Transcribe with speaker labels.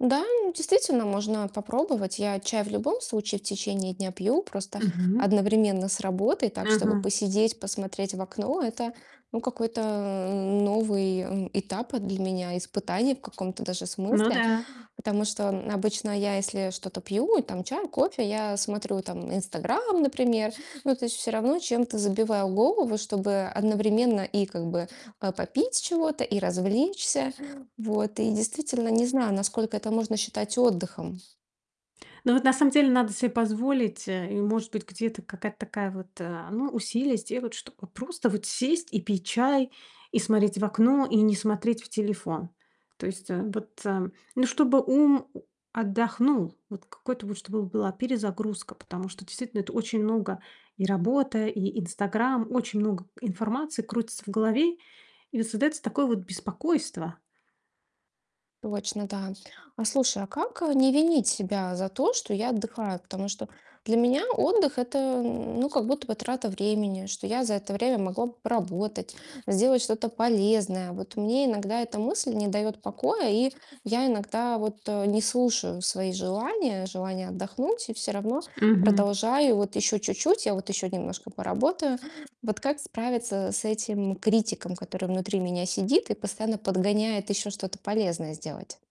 Speaker 1: Да, действительно, можно попробовать. Я чай в любом случае в течение дня пью, просто
Speaker 2: Мгм.
Speaker 1: одновременно с работой, так, чтобы
Speaker 2: Мгм.
Speaker 1: посидеть, посмотреть в окно. Это, ну какой-то новый этап для меня, испытание в каком-то даже
Speaker 2: Ну
Speaker 1: смысле.
Speaker 2: да.
Speaker 1: Потому что обычно я если что-то пью, и там чай, кофе, я смотрю там "Инстаграм", например, но то есть всё равно чем-то забиваю голову, чтобы одновременно и как бы, а, попить чего-то, и развлечься. Вот. И, действительно, не знаю, насколько это можно считать отдыхом.
Speaker 2: Ну, вот на самом деле надо себе позволить, э, и, может быть, где-то какая-то такая вот, э, ну, усилие сделать, чтобы просто вот сесть и пить чай, и смотреть в окно, и не смотреть в телефон. То есть, э, вот, э, ну, чтобы ум отдохнул. Вот, какой-то вот, чтобы была перезагрузка. Потому что действительно это очень много: и работа, и "Инстаграм", очень много информации крутится в голове. И создается такое вот беспокойство.
Speaker 1: Точно, да. А слушай, а как, э, не винить себя за то, что я отдыхаю? Потому что для меня отдых это, ну, как будто бы трата времени, что я за это время могла б поработать, сделать что-то полезное. Вот мне иногда эта мысль не дает покоя, и я иногда, вот, э, не слушаю свои желания, желания отдохнуть и всё равно
Speaker 2: Мгм.
Speaker 1: продолжаю вот еще чуть-чуть, а вот еще немножко поработаю. Вот как справиться с этим критиком, который внутри меня сидит и постоянно подгоняет еще что-то полезное сделать?